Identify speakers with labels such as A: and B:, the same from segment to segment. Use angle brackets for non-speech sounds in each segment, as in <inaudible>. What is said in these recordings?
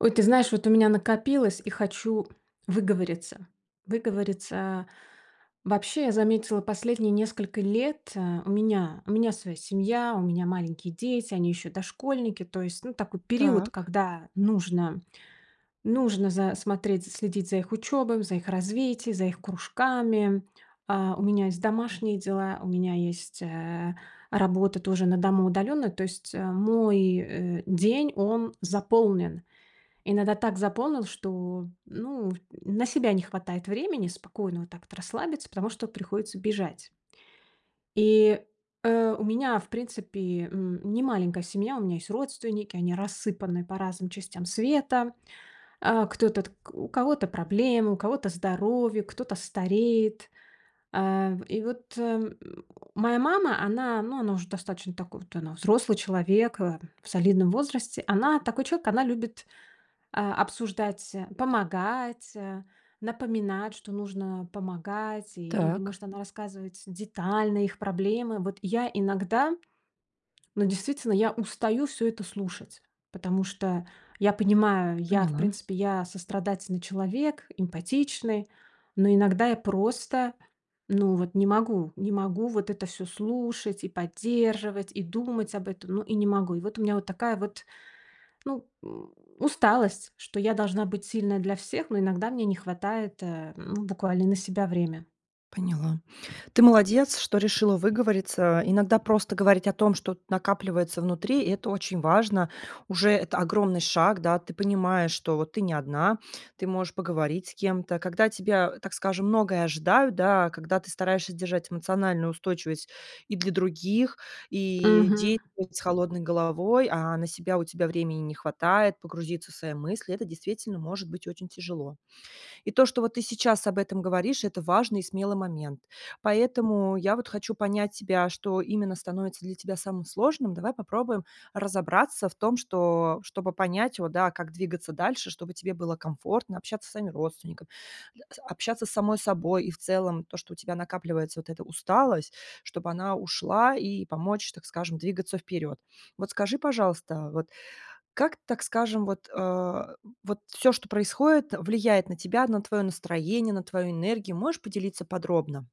A: Ой, ты знаешь, вот у меня накопилось и хочу выговориться. Выговориться. Вообще, я заметила, последние несколько лет, э, у меня у меня своя семья, у меня маленькие дети, они ещё дошкольники. То, ну, есть такой период,
B: Так.
A: когда нужно нужно за смотреть, за следить за их учёбой, за их развитие, за их кружками. А, у меня есть домашние дела, у меня есть, э, работа тоже на дому удалённо. То есть, э, мой, э, день он заполнен. Иногда так заполнил, что, м, ну, в на себя не хватает времени спокойно вот так вот расслабиться, потому что приходится бежать. И, э, у меня, в принципе, м, не маленькая семья. У меня есть родственники, они рассыпаны по разным частям света. А, кто-то т у кого-то проблемы, у кого-то здоровье, кто-то стареет. А, в и вот, э, м, моя мама, она, ну, она уже достаточно такой вот, она взрослый человек, э, в солидном возрасте. Она такой человек. Она любит, а, обсуждать, э, помогать, э, напоминать, что нужно помогать. И или,
B: Так.
A: может, она рассказывает детально их проблемы. Вот я иногда, ну действительно, я устаю всё это слушать, потому что я понимаю, я, в
B: Поняла.
A: принципе, я сострадательный человек, эмпатичный, но иногда я просто, ну вот, не могу, не могу вот это всё слушать и поддерживать, и думать об этом. Ну и не могу. И вот у меня вот такая вот, ну, м, усталость, что я должна быть сильной для всех, но иногда мне не хватает, э, ну, буквально на себя время.
B: Поняла. Ты молодец, что решила выговориться. Иногда просто говорить о том, что вот накапливается внутри, это очень важно. Уже это огромный шаг, да. Ты понимаешь, что вот ты не одна. Ты можешь поговорить с кем-то, когда от тебя, так скажем, многое ожидают, да, когда ты стараешься держать эмоциональную устойчивость и для других, и
A: Мгм.
B: идеи <unintelligible> с холодной головой, а на себя у тебя времени не хватает погрузиться в свои мысли- э то действительно может быть очень тяжело. И то, что ты вот сейчас об этом говоришь, это важный и смелый момент. Поэтому я вот хочу понять тебя, что именно становится для тебя самым сложным. Давай попробуем разобраться в том, что что чтобы понять вот, да, как двигаться дальше, чтобы тебе было комфортно общаться со своими родственниками, да, са общаться с самой собой. И в целом то, что у тебя накапливается вот эта усталость, чтобы она ушла и помочь, так скажем, двигаться вперед. Вот скажи, пожалуйста, вот как, так скажем, вот, а, вот всё, что происходит, влияет на тебя, на твое настроение, на твою энергию. Можешь поделиться подробно?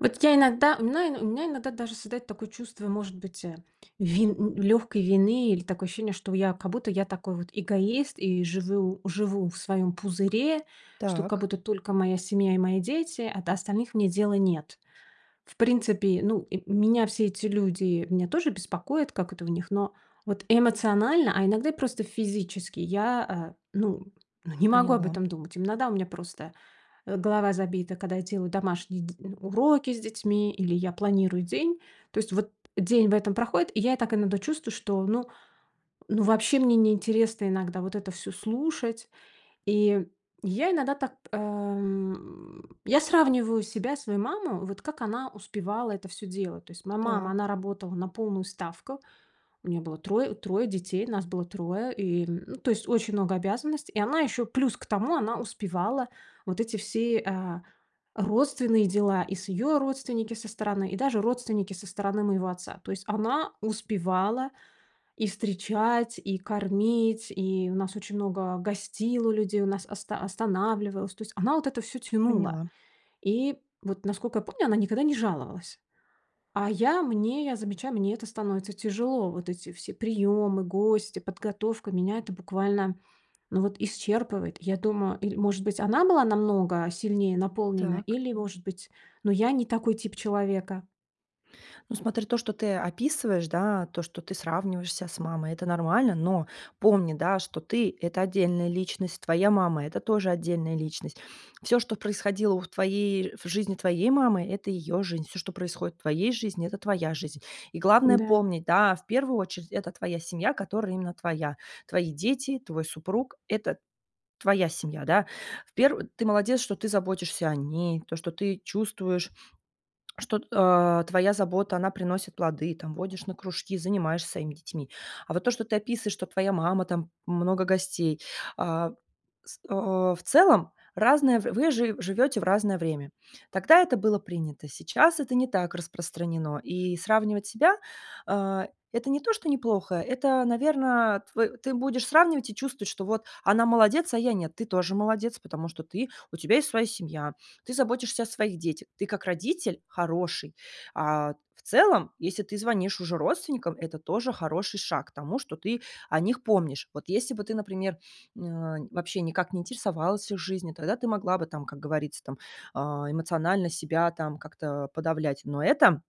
A: Вот я иногда у мна у меня иногда даже создается такое чувство, может быть, э, вин н лёгкой вины, или такое ощущение, что я, как будто я такой вот эгоист и живю живу в своём пузыре, что как
B: Так.
A: будто только моя семья и мои дети, а до остальных мне дела нет. В принципе, ну, и меня все эти люди, меня тоже беспокоят, как это у них, но вот эмоционально, а иногда и просто физически я, а, ну ну, не могу об
B: Поняла.
A: этом думать. Иногда у меня просто, э, голова забита, когда я делаю домашние д уроки с детьми или я планирую день. То есть вот день в этом проходит, и я так иногда чувствую, что, ну ну вообще мне не интересно иногда вот это всё слушать. И я иногда так, а, м, я сравниваю себя, свою маму: вот как она успевала это всё делать? Tо есть моя мама, она
B: Так.
A: работала на полную ставку, у нее было трое трое детей, нас было 3, и, м, ну, то есть очень много обязанностей, и она еще плюс к тому, она успевала вот эти все, а, родственные дела, и с её родственники со стороны, и даже родственники со стороны моего отца. То есть она успевала и встречать, и кормить, и у нас очень много гостило людей, у нас оста останавливалось, то есть она вот это всё тянула.
B: Поняла.
A: И вот, наскока я помню, она никогда не жаловалась. А я, мне я замечаю, мне это становится тяжело. Вот эти все приёмы, гости, подготовка, меня это буквально, ну вот, исчерпывает. Я думаю, или, может быть, она была намного сильнее наполнена,
B: Так.
A: или, может быть, но я не такой тип человека.
B: Ну, смотри, то, что ты описываешь, да, то, что ты сравниваешь ся с мамой, это нормально. Но помни, да, что ты- это отдельная личность, твоя мама- это тоже отдельная личность. Всё, что происходило в твоей, в жизни твоей мамы, это её жизнь. Всё, что происходит в твоей жизни, это твоя жизнь. И главное
A: Н-да.
B: помнить, да, в первую очередь, это твоя семья, которая именно твоя, твои дети, твой супруг, это твоя семья, да. В пер ты молодец, что ты заботишься о ней, то, что ты чувствуешь, что, а, твоя забота, она приносит плоды, там, водишь на кружки, занимаешься своими детьми. А вот то, что ты описываешь, что твоя мама, там, много гостей, а, с а, в целом разное, в вы жи живете в разное время. Тогда это было принято. Сейчас это не так распространено. И сравнивать себя, а, это не то, что неплохо. Это, наверно, тв ты будешь сравнивать и чувствовать, что вот она молодец, а я нет. Ты тоже молодец, потому что ты, у тебя есть своя семья, ты заботишься о своих детях, ты как родитель хороший. А, в целом, если ты звонишь уже родственникам, это тоже хороший шаг к тому, что ты о них помнишь. Вот если бы ты, например, н а, вообще никак не интересовалась их жизнью, тогда ты могла бы, там, как говорится, там, а, эмоционально себя там как-то подавлять. Но это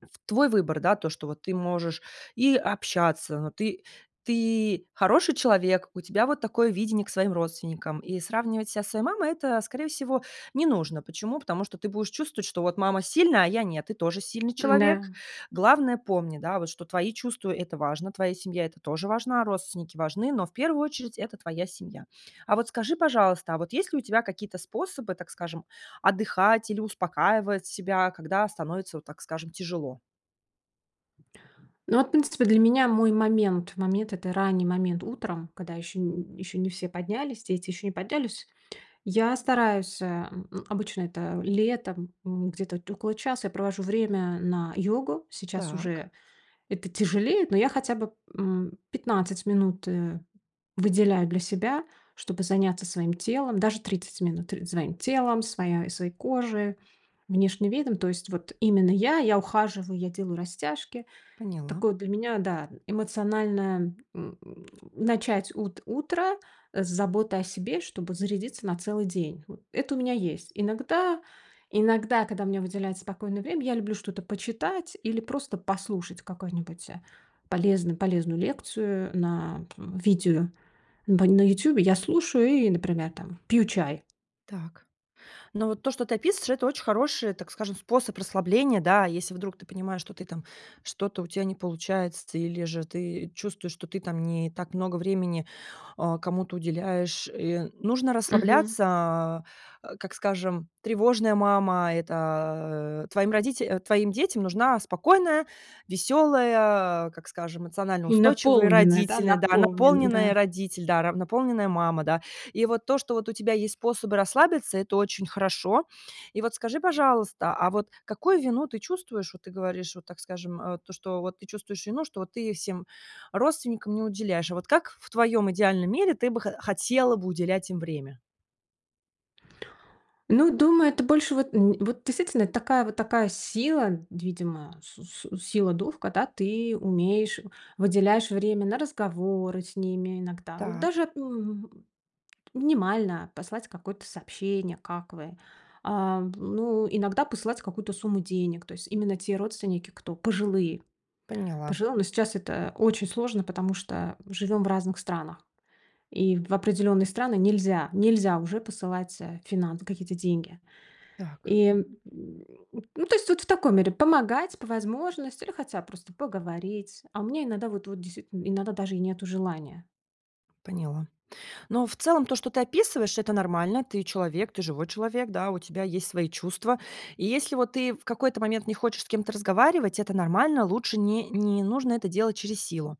B: в твой выбор, да. То, что вот ты можешь и общаться, но ты ты хороший человек, у тебя вот такое видение к своим родственникам. И сравнивать ся со своей мамой- это, скорее всего, не нужно. Почему? Потому что ты будешь чувствовать, что вот мама сильная, а я нет, ты тоже сильный человек.
A: М-да.
B: Главное, помни, да, что твои чувства- это важно, твоя семья- это тоже важна, родственники важны, но в первую очередь это твоя семья. А вот скажи, пожалуйста, а вот есть ли у тебя какие-то способы, так скажем, отдыхать или успокаивать себя, когда становится, вот так скажем, тяжело?
A: Ну вот принципе, для меня мой момент момент- это ранний момент утром, когда ещё н ещё не все поднялись, дети ещё не поднялись. Я стараюсь, а, м, обычно это летом, м, где-то около час я провожу время на йогу. Сейчас
B: Так.
A: уже это тяжелее, но я хотя бы, м, 15 минут, э, выделяю для себя, чтобы заняться своим телом. Даже 30 минут за моим телом, своя своей кожей, внешним видом. То есть вот именно я. Я ухаживаю, я делаю растяжки.
B: Поняла.
A: Такое для меня, да, н эмоциональное, м, начать ут утро, э, с заботы о себе, чтобы зарядиться на целый день, вот. Это у меня есть. Иногда иногда, когда у меня выделяется спокойное время, я люблю что-то почитать или просто послушать какую-нибудь, э, полезную полезную лекцию на п видео бань на "Ютубе". Я слушаю и, например, там пью чай.
B: Так. Но вот то, что ты описываешь, это очень хороший, так скажем, способ расслабления, да. Если вдруг ты понимаешь, что ты там что-то у тя не получается, или же ты чувствуешь, что ты там не так много времени, а, кому-то уделяешь, и нужно
A: Мгм.
B: расслабляться. Как, скажем, тревожная мама, это твоим родите твоим детям нужна спокойная, веселая, как скажем, эмоционально
A: И
B: устойчивые
A: наполненная, да,
B: родители, да,
A: наполнен,
B: наполненная
A: да.
B: родитель, да, наполненная мама, да. И вот то, что у тебя есть способы расслабиться, это очень хорошо. И вот скажи, пожалуйста, а вот какую вину ты чувствуешь? Вот ты говоришь, вот, так скажем, а, то, что вот ты чувствуешь вину, что вот ты всем родственникам не уделяешь. А вот как в в твоем идеальном мире ты бы хо хотела бы уделять им время?
A: Ну, думаю, это больше вот н вот действительно, это такая вот такая с сила, видимо, су су сила духа, когда ты умеешь, э, выделяешь время на разговоры с ними иногда, вот
B: Так.
A: даже, м, минимально послать какое-то сообщение: "Как вы?" А, м, ну, иногда посылать какую-то сумму денег, то есть именно те родственники, кто пожилые
B: Поняла.
A: пожилые, но сейчас это очень сложно, потому что живем в разных странах и в определённые страны нельзя нельзя уже посылать, а, финансы, какие-то деньги.
B: Так.
A: И, м, ну, то есть, вот в таком мере помогать по возможности или хотя бы просто поговорить. А у меня иногда вот вот дейст иногда даже и нету желания.
B: Поняла. Но в целом то, что ты описываешь, это нормально. Ты человек, ты живой человек, да, у тебя есть свои чувства. И если вот ты в какой-то момент не хочешь с кем-то разговаривать, это нормально. Лучше не не нужно это делать через силу.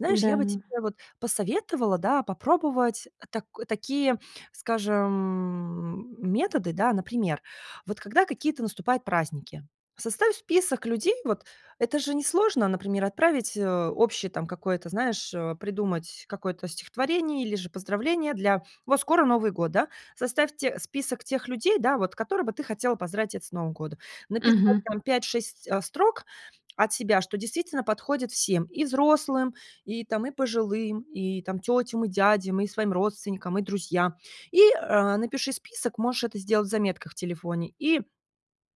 B: Знаешь, я
A: М-да.
B: бы тебе вот посоветовала, да, попробовать так такие, скажем, м, методы, да, например, вот когда какие-то наступают праздники, составь список людей вот. Это же несложно, например, отправить, э, общее какое-то, знаешь, э, придумать какое-то стихотворение или же поздравление для вот скоро Новый год, да? Составь те список тех людей, да, вот, которых бы ты хотела поздравить это с Новым годом. Написать
A: Мгм.
B: там 5-6 строк от себя, что действительно подходит всем: и взрослым, и там, и пожилым, и там тетям, и дядям, и своим родственникам, и друзьям. И, э, напиши список, можешь это сделать в заметках в телефоне, и,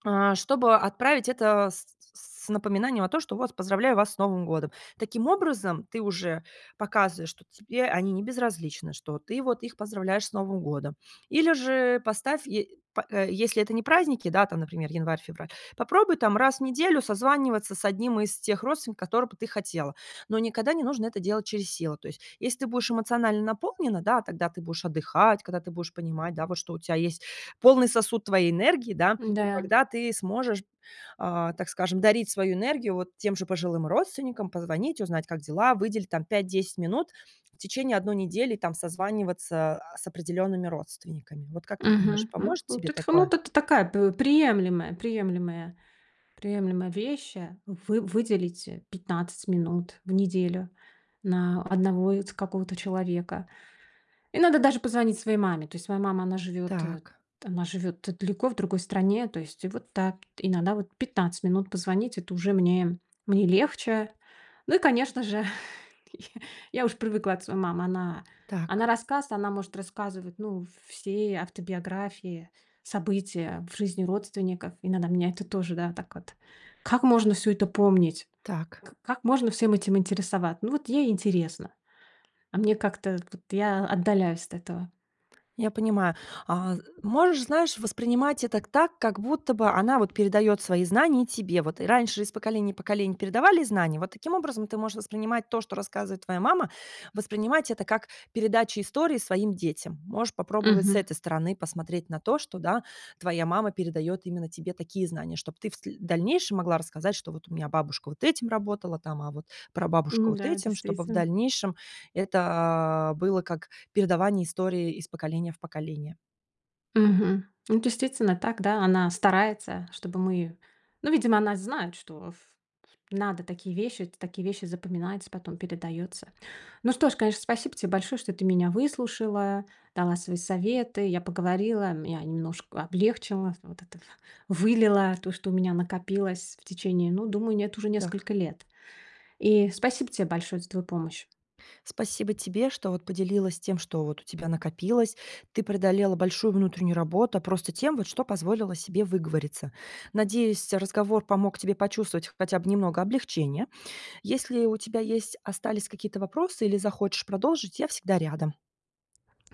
B: а, чтобы отправить это с с с напоминанием о том, что вот: "Поздравляю вас с Новым годом!" Таким образом, ты уже показываешь, что тебе они не безразличны, что ты вот их поздравляешь с Новым годом. Или же поставь, е по если это не праздники, да, там, например, январь-февраль, попробуй там раз в неделю созваниваться с 1 из тех родственников, которого бы ты хотела. Но никогда не нужно это делать через силу. То есть, если ты будешь эмоционально наполнена, да, тогда ты будешь отдыхать, когда ты будешь понимать, да, вот что у тя есть полный сосуд твоей энергии, да, то
A: М-да.
B: тогда ты сможешь, а, так скажем, дарить свою энергию вот тем же пожилым родственникам, позвонить, узнать, как дела, выделить там 5-10 минут в течение 1 недели, там, созваниваться, а, с определёнными родственниками. Вот как ты думаешь,
A: Мгм. М,
B: поможет
A: вот
B: тебе
A: это ко ну,
B: такое?
A: это такая такая п приемлемая, приемлемая, приемлемая вещь, а. Вы выделить а 15 минут в неделю на одного вот какого-то человека. Иногда даже позвонить своей маме. То есть моя мама, она живет, э,
B: Так.
A: она живет далеко, в другой стране. То есть вот да, иногда вот 15 минут позвонить- это уже мне мне легче. Ну и конечно же, <chuckles> я я уж привыкла от своей мамы. Она
B: Так.
A: она рассказывает, она может рассказывать, ну, в все автобиографии, события в жизни родственников. Иногда меня это тоже, да, так вот: "Как можно всё это помнить?
B: Так.
A: К как можно всем этим интересоваться?" Ну вот ей интересно, а мне как-то вот я отдаляюсь от этого.
B: Я понимаю. А можешь, знаешь, воспринимать это так, как будто бы она вот передаёт свои знания тебе вот. Раньше из поколения в поколение передавали знания. Вот таким образом ты можешь воспринимать то, что рассказывает твоя мама, воспринимать это как передача истории своим детям. Можешь попробовать с
A: Мгм.
B: этой стороны посмотреть на то, что, да, твоя мама передает именно тебе такие знания, чтоб ты в сл дальнейшем могла рассказать, что: "Вот у меня бабушка вот этим работала там, а вот прабабушка
A: М,
B: вот
A: да,
B: этим". Чтобы в
A: действительно.
B: дальнейшем это было как передавание истории из поколения в поколение.
A: Мгм. Ну, действительно так, да, она старается, чтобы мы ну, видимо, она знает, что в в надо такие вещи, это такие вещи запоминать, потом передаётся. Ну что ж, конечно, спасибо тебе большое, что ты меня выслушала, дала свои советы, я поговорила, меня немножко облегчило, вот это вылила то, что у меня накопилось в течение, ну, думаю, нет, уже
B: Так.
A: нескольких лет. И спасибо тебе большое за твою помощь.
B: Спасибо тебе, что вот поделилась тем, что вот у тебя накопилось. Ты преодолела большую внутреннюю работу просто тем, что позволила себе выговориться. Надеюсь, разговор помог тебе почувствовать хотя бы немного облегчения. Если у тебя есть остались какие-то вопросы или захочешь продолжить, я всегда рядом.